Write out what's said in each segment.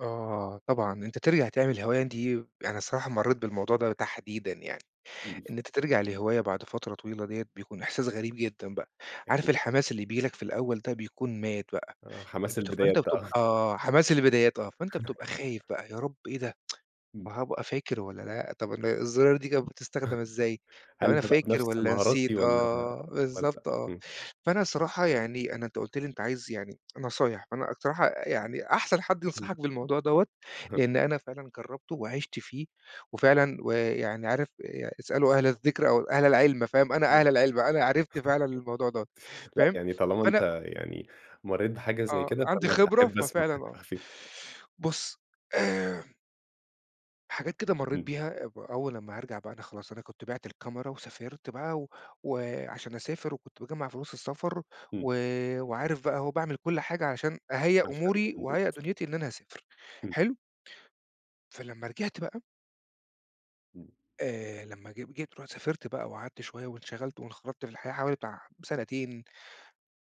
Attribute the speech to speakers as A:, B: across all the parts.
A: آه طبعًا، أنت ترجع تعمل الهواية دي يعني الصراحة مرّيت بالموضوع ده تحديدًا يعني. إن أنت ترجع لهواية بعد فترة طويلة ديَّة، بيكون إحساس غريب جدًا بقى. عارف
B: [unintelligible]
A: الحماس اللي بييجي لك في الأول ده بيكون مات بقى.
B: آه، حماس
A: بت
B: البدايات
A: فأنت
B: ده آه.
A: بتبقى حماس البدايات آه. فأنت بتبقى خايف بقى، يا رب إيه ده؟
B: إمم.
A: وهابقى فاكر والّا لأ؟ طب ال الزراير دي كانت بتستخدم إزاي؟ طب
B: هل
A: أنا
B: تبقى
A: فاكر
B: بنفس
A: والّا نسيت؟
B: مهارتي والّا
A: آه،
B: والّا
A: بالضبط آه.
B: إمم.
A: فأنا صراحة يعني أنا أنت قُلت لي أنت عايز يعني نصايح، فأنا الصراحة يعني أحسن حد
B: إمم.
A: ينصحك بالموضوع دوَّة،
B: أها.
A: لإن أنا فعلًا جرّبته وعِشت فيه وفعلًا ويعني عارف ي اسألوا أهل الذِكْر أو أهل العِلم، فاهم؟
B: [unintelligible]
A: أنا أهل العِلم، أنا عرفت فعلًا الموضوع دوَّة،
B: لأ،
A: فاهم؟
B: يعني طالما أنت
A: فأنا
B: يعني مرّيت بحاجة زي
A: آه،
B: كده،
A: عندي
B: فأنا
A: خبرة،
B: أحب أسمع
A: ففعلًا آه.
B: [unintelligible]
A: بُص، آآ حاجات كده مرّيت
B: إمم.
A: بيها أب أول أمّا هارجع بقى أنا خلاص، أنا كنت بعِْت الكاميرا وسافرت بقى و وعشان أسافر وكنت باجمّع فلوس السفر
B: إمم.
A: و وعارف بقى أهو وباعمل كل حاجة عشان أهيّأ
B: عشان
A: أموري وأهيّأ
B: [unintelligible]
A: دنُيتي إن أنا هاسافر،
B: إمم.
A: حلو؟ فلمّا رجعت بقى
B: إمم.
A: آآ لمّا جب جيت رُحت سافرت بقى وقعدت شوية وانشغلت وانخرطت في الحياة حوالي بتاع سنتين،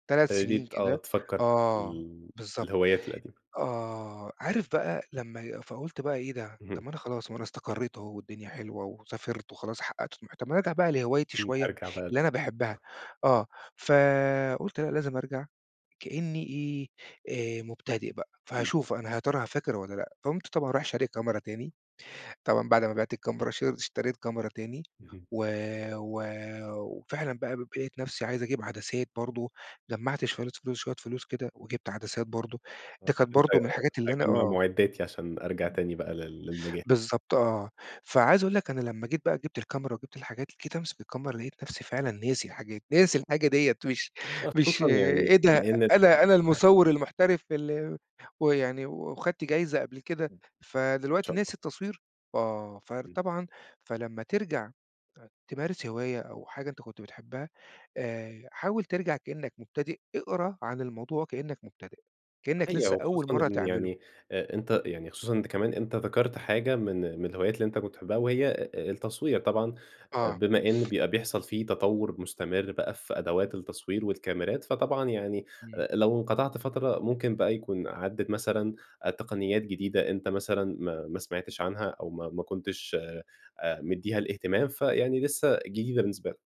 A: 3 سنين
B: ابتديت آه
A: كده
B: تفكّر بقى في
A: آه،
B: ال في
A: بالضبط.
B: الهويات القديمة.
A: آه، عارف بقى لمّا فقُلت بقى إيه ده؟ طب
B: اهم.
A: ما أنا خلاص ما أنا استقرّيت أهو والدنيا حلوة وسافرت وخلاص حقّقت طموحي، طب ما أنا أرجع بقى لهوايتي
B: إمم،
A: شوية،
B: أرجع بقى
A: اللي أنا باحبها. آه. فقُلت لأ لازم أرجع كإنّي إيه، آآ مبتدئ بقى.
B: إمم.
A: فهاشوف أنا ه يا ترى فاكر والّا لأ؟ فقٌمت طبعًا رايح شاري كاميرا تاني. طبعًا بعد ما بعت الكاميرا ش اشتريت كاميرا تاني،
B: اهم.
A: و و وفعلًا بقى ب لقيت نفسي عايز أجيب عدسات برضه، جمّعت شوية فلوس شوية فلوس كده وجبت عدسات برضه،
B: آه،
A: دي كانت
B: ابتديت أ
A: برضه من الحاجات اللي أنا
B: أجمّع
A: آه.
B: مُعدّاتي عشان أرجع تاني بقى لل للمجال.
A: بالظبط، آه. فعايز أقول لك أنا لمّا جيت بقى جبت الكاميرا وجبت الحاجات، جيت أمسك الكاميرا لقيت نفسي فعلًا ناسي الحاجات، ناسي الحاجة ديَّة، مش
B: آه،
A: مش
B: خصوصًا يعني
A: إيه ده؟
B: لإن
A: أنا أنا
B: [unintelligible]
A: المُصَوِّر المحترف ال ويعني و واخدت جايزة قبل كده،
B: إن
A: فدلوقتي
B: شاء
A: ناسي
B: الله.
A: التصوير! آه، فار
B: إمم.
A: طبعًا فلمّا ترجع أ تمارس هواية أو حاجة أنت كنت بتحبها، آآ حاول ترجع كإنّك مبتدئ، اقرا عن الموضوع وكإنّك مبتدئ، كإنّك
B: أيوة،
A: لسّه أول
B: وخصوصًا
A: مرّة
B: إن
A: تعمله.
B: يعني أ أنت يعني خصوصًا أنت كمان أنت ذكرْت حاجة من من الهوايات اللي أنت كنت بتحبها، وهي أ أ التصوير. طبعًا،
A: آه.
B: بما إن بيبقى بيحصل في تطوُّر مستمر بقى في أدوات التصوير والكاميرات، فطبعًا يعني
A: إمم.
B: أ لو انقطعت فترة ممكن بقى يكون عدّت مثلًا أ تقنيات جديدة أنت مثلًا ما ما سمعتش عنها أو ما ما كنتش أ مدّيها الاهتمام، فيعني لسّه جديدة بالنسبة لك.